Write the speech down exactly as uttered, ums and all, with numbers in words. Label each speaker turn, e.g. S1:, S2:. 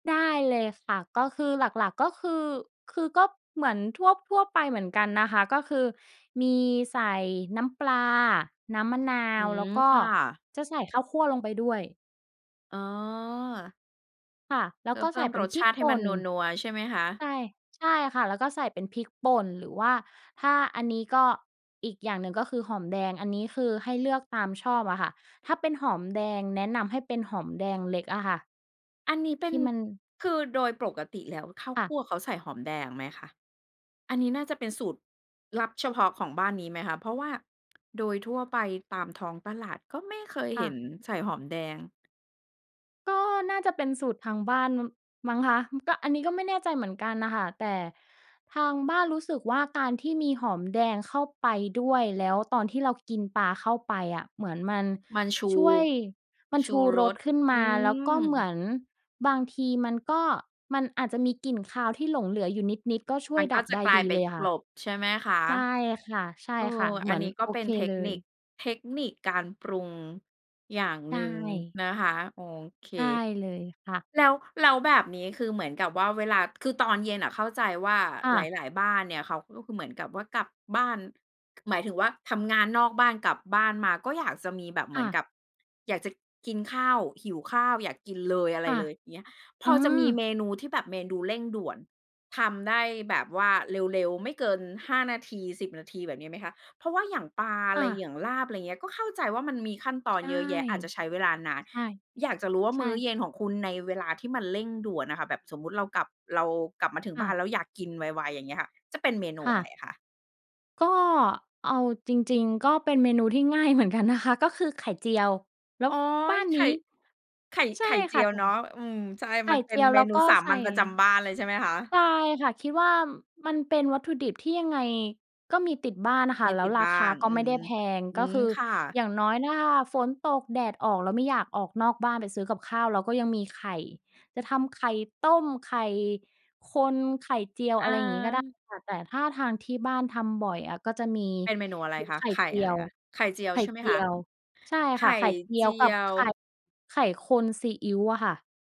S1: ได้เลยค่ะ ก็คือหลัก ๆ ก็คือ คือก็เหมือนทั่ว ๆ ไปเหมือนกันนะคะ ก็คือมีใส่น้ำปลา น้ำมะนา
S2: อื
S1: ว แล
S2: ม
S1: ้วก็
S2: ค่ะ
S1: จะใส่ข้าวคั่วลงไปด้วย
S2: อ๋อ
S1: ค่ะ แล้
S2: เพ
S1: ว
S2: ื่
S1: ก
S2: อ
S1: ็
S2: เพ
S1: ใส
S2: ิ่
S1: ่
S2: ม
S1: เป็
S2: ร
S1: น
S2: ส
S1: พร
S2: ช
S1: ิก
S2: าติให
S1: ป
S2: ้
S1: ่
S2: มัน
S1: น
S2: นัว ๆ ใช่ไหมค
S1: ใ
S2: ะ?
S1: ช่ ใช่ค่ะ แล้วก็ใส่เป็นพริกป่น หรือว่าถ้าอันนี้ก็ อีกอย่างหนึ่งก็คือหอมแดง อันนี้คือให้เลือกตามชอบอะค่ะ ถ้าเป็นหอมแดงแนะนำให้เป็นหอมแดงเล็กอะค่ะ
S2: อันนี้เป
S1: ท
S2: ็
S1: ี
S2: น
S1: ่มัน
S2: คือโดยปรลกติแล้ว ข้าว
S1: ค่
S2: ค
S1: ะ
S2: ั่วเขาใส่หอมแดงไหมคะ? อันนี้น่าจะเป็นสูตรลับเฉพาะของบ้านนี้ไหมคะ? เพราะว่าโดยทั่วไปตามท้องตลาดก็ไม่เคย
S1: ค
S2: เ
S1: ่
S2: ห็
S1: ะ
S2: นใส่หอมแดง
S1: ก็น่าจะเป็นสูตรทางบ้าน ม มั้งคะ ก็ อันนี้ก็ไม่แน่ใจเหมือนกันน่ะค่ะ แต่ทางบ้านรู้สึกว่า การที่มีหอมแดงเข้าไปด้วย แล้วตอนที่เรากินปลาเข้าไปอะ เหมือนมัน
S2: มันชู
S1: ช่วย มัน
S2: ช
S1: ช
S2: ู
S1: ู
S2: ร
S1: รส
S2: ส
S1: ขึ้น
S2: อ
S1: ม
S2: ื
S1: า แล้วก็เหม
S2: ม
S1: ือนบางทีมันก็ มันอาจจะมีกลิ่นคาวที่หลงเหลืออยู่นิด ๆ ก็ช่
S2: ม
S1: ว
S2: ั
S1: ย
S2: นก
S1: ด
S2: ็
S1: ับ
S2: จะ
S1: ได้
S2: กลา
S1: ด
S2: ย
S1: ี
S2: ไป
S1: เลยค
S2: ก
S1: ่ะ
S2: ลบใช่ไหมคะ?
S1: ใช่ค่ะ ใช่
S2: เอ
S1: ค่
S2: อ
S1: ะ เห
S2: อ
S1: ม
S2: ั
S1: ื
S2: น
S1: อน
S2: นี้ก็
S1: โอ
S2: เป็
S1: เค
S2: นเทค
S1: เล
S2: นิค
S1: ย
S2: เทคนิคการปรุงอย่าง
S1: ใช
S2: หนึ่ง
S1: ่
S2: นะคะ โอเค
S1: ใช่เลยค่ะ
S2: แล้ว แล้วแบบนี้คือเหมือนกับว่า เวลา คือตอนเย็นอะเข้าใจว่า
S1: ค่
S2: ห
S1: ะ
S2: ลาย ๆ บ้านเนี่ย เขาก็คือเหมือนกับว่า กลับบ้าน ก หมายถึงว่าทำงานนอกบ้าน กลับบ้านมาก็อยากจะมีแบบเห
S1: ค
S2: มื
S1: ่
S2: อน
S1: ะ
S2: กับอยากจะกินข้าว หิวข้าว อยากกินเลยอะไ
S1: ค
S2: ร
S1: ่ะ
S2: เลย เงี้ย พ
S1: อื
S2: อจะมีเ
S1: ม
S2: มนูที่แบบเมนูเร่งด่วน ทำได้แบบว่าเร็ว ๆ ไม่เกิน ห้า นาที สิบ นาที แบบนี้ไหมคะ? เพราะว่าอย่างปลาอะ
S1: ค
S2: ไ
S1: ่
S2: ร
S1: ะ
S2: อย่างลาบ อะไรอย่างเงี้ย ก็เข้าใจว่ามันมีขั้นตอน
S1: ใช่
S2: เยอะแยะ อาจจะใช้เวลานาน
S1: ใช่
S2: อยากจะรู้ว่า
S1: ใช
S2: มื้อ
S1: ่
S2: เย็นของคุณในเวลาที่มันเร่งด่วนอะค่ะ แบบสมมุติเรากลับ เรากลับมาถึง
S1: ค
S2: บ
S1: ่
S2: ้า
S1: ะ
S2: นแล้วอยากกินไว ๆ อย่างเงี้ยค่ะ จะเป็นเมนู
S1: ค่
S2: อะไร
S1: ะ
S2: อะคะ?
S1: ก็เอาจริง ๆ ก็เป็นเมนูที่ง่าย เหมือนกันนะคะ ก็คือไข่เจียว แล
S2: โ
S1: ้
S2: อ
S1: ว
S2: ๊
S1: บ
S2: ย
S1: ้าน
S2: ไข
S1: น
S2: ่
S1: ี้
S2: ไข่
S1: ใช
S2: ไข
S1: ่
S2: ่เจ
S1: ค
S2: ี
S1: ่ะ
S2: ยว
S1: แต่
S2: เนาะ อืม ใช่
S1: ไข
S2: ม
S1: ่
S2: ันเป
S1: เจ
S2: ็น
S1: ียว
S2: เม
S1: แล้ว
S2: นู
S1: ก็
S2: สา
S1: ใส
S2: ม
S1: ่
S2: ัญประจำบ้านเลยใช่ไหมคะ?
S1: ใช่ค่ะ คิดว่ามันเป็นวัตถุดิบที่ยังไงก็มีติดบ้านอะ
S2: ไ
S1: ค
S2: ม
S1: ่ะ
S2: ่
S1: แล้
S2: ติ
S1: ว
S2: ด
S1: รา
S2: บ้า
S1: คา
S2: น
S1: ก็
S2: อื
S1: ไม่
S2: ม
S1: ได้แพง
S2: อื
S1: ก็
S2: ม
S1: คือ
S2: ค่ะ
S1: อย่างน้อย ถ้าฝนตกแดดออก แล้วไม่อยากออกนอกบ้านไปซื้อกับข้าว เราก็ยังมีไข่ จะทำไข่ต้ม ไข่คน ไข่เจียว
S2: อ
S1: อะไรอย่างงี้ก็ได้
S2: า
S1: ค่ะ แต่ถ้าทางที่บ้านทำบ่อยอะ ก็จะมี
S2: เป็นเมนูอะไร
S1: มี
S2: คะ?
S1: ไข่
S2: ไข่
S1: เจี
S2: อะ
S1: ย
S2: ไร
S1: ว
S2: คะ? ไข่เจียว
S1: ไข่
S2: ใช่ไหม
S1: เจ
S2: ค
S1: ี
S2: ะ?
S1: ยว ใช่
S2: ไข
S1: ค่
S2: ่
S1: ะ ไข่เจี
S2: เจ
S1: ย
S2: ี
S1: วกั
S2: ย
S1: บไข่
S2: ว
S1: ไข่คนซีอิ๊วค่ะ